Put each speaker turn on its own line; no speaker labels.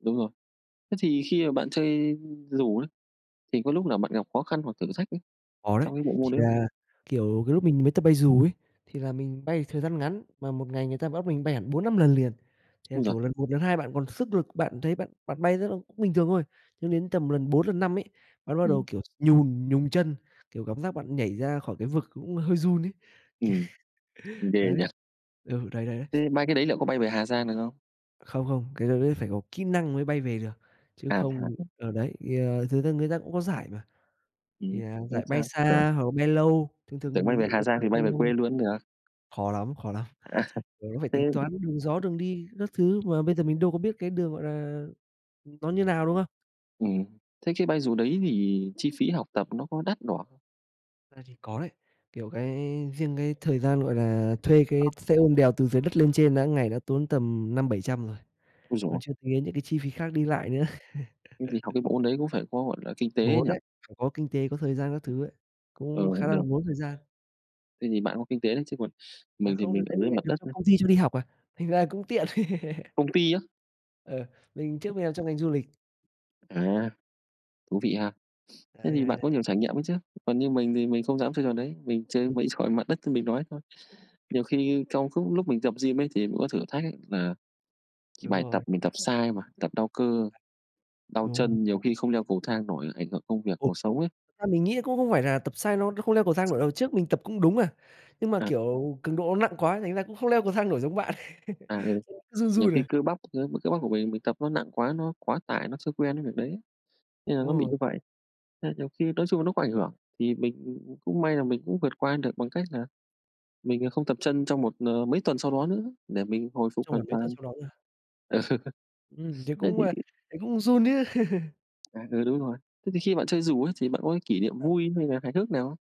Đúng rồi, thế thì khi mà bạn chơi dù ấy, thì có lúc nào bạn gặp khó khăn hoặc thử thách ấy
Có đấy,
trong cái bộ
thì
môn đấy không?
là, kiểu, cái lúc mình mới tập bay dù ấy thì là mình bay thời gian ngắn, mà một ngày người ta bắt mình bay hẳn 4-5 lần liền, thì là,
Ôi giời.
kiểu, lần 1 lần 2 bạn còn sức lực, bạn thấy bạn bạn bay rất ô cũng bình thường thôi, nhưng đến tầm lần 4 lần 5 ấy, bạn bắt đầu,
Ừm.
kiểu, nhùn nhùn chân, kiểu, cảm giác bạn nhảy ra khỏi cái vực cũng hơi run ấy.
Ừm, ghê
Đấy.
nhỉ.
Ừ, đấy, đấy, đấy.
Ừm, bay cái đấy liệu có bay về Hà Giang được không?
Không, không, cái đó đấy phải có kỹ năng mới bay về được, chứ
À, thế hả?
không ờ, đấy, à, thật ra người ta cũng có giải mà, thì,
Ừm,
à,
không
giải bay
sao, tưởng
xa hoặc là bay lâu, thường thường là
Tưởng bay
mình nghĩ
về Hà
người
Giang
ta
thì
bay
bay về
lâu
quê luôn cũng được.
khó lắm, khó lắm,
À.
ờ, nó phải
Thế
tính toán đường gió, đường đi các thứ mà bây giờ mình đâu có biết cái đường, gọi là, ừm, nó như nào, đúng không?
Ừm, thế cái bay dù đấy thì chi phí học tập nó có đắt đỏ
À, thì có đấy, kiểu, cái riêng cái thời gian, gọi là, thuê cái
[unintelligible]
xe ôm đèo từ dưới đất lên trên đã ngày đã tốn tầm 500-700 rồi,
Ôi giời
còn
ơi.
chưa tính đến những cái chi phí khác đi lại nữa.
Thế thì học cái bộ môn đấy cũng phải có, gọi là, kinh tế ấy
Ngốn
nhỉ?
ấy, phải có kinh tế, có thời gian các thứ ấy,
Ờ,
cũng khá là
được.
ngốn thời gian.
Thế thì bạn có kinh tế đấy, chứ còn
À,
mình thì
không, đợt
mình
đấy
ở
mình
dưới
lại
mặt
được
đất
cho
nhá.
công ty cho đi học à, thành ra cũng tiện.
Công ty á?
Ờ, mình trước mình làm trong ngành du lịch.
À, thú vị ha, thế
Đấy, đấy,
thì bạn
đấy.
có nhiều trải nghiệm ấy chứ, còn như mình thì mình không dám chơi trò đấy, mình chơi
Ừm.
mấy trò trên mặt đất như mình nói thôi, nhiều khi trong khúc lúc mình tập gym ấy, thì mình có thử thách ấy là, thì
Đúng
bài tập
rồi.
mình tập sai mà, tập đau cơ, đau
Đúng.
chân, nhiều khi không leo cầu thang nổi, ảnh hưởng công việc,
Ừm,
cuộc sống ấy.
thật ra mình nghĩ cũng không phải là tập sai nó nó không leo cầu thang nổi đâu, trước mình tập cũng đúng mà, nhưng mà,
À.
kiểu, cường độ nó nặng quá thành ra cũng không leo cầu thang nổi giống bạn,
À, ừ,
chân cứ run
nhiều
run
khi
à.
cơ bắp, ơ, cơ b cơ bắp của mình, mình tập nó nặng quá, nó quá tải, nó chưa quen cái việc đấy, nên là
Đúng
nó bị
rồi.
như vậy, nên nhiều khi nói chung là nó có ảnh hưởng thì mình, ừm, ừm, cũng may là mình cũng vượt qua được bằng cách là mình, à, không tập chân trong một ờ, mấy tuần sau đó nữa để mình hồi phục
Trong
hoàn
khoảng mấy tuần
toàn.
sau đó nữa.
Ờ,
Ừm, thế
thế
cũng,
thì
à, thấy cũng run chứ.
À, ừ, đúng rồi, thế thì khi bạn chơi dù ấy thì bạn có cái kỷ niệm
Ờ.
vui hay là hài hước nào không?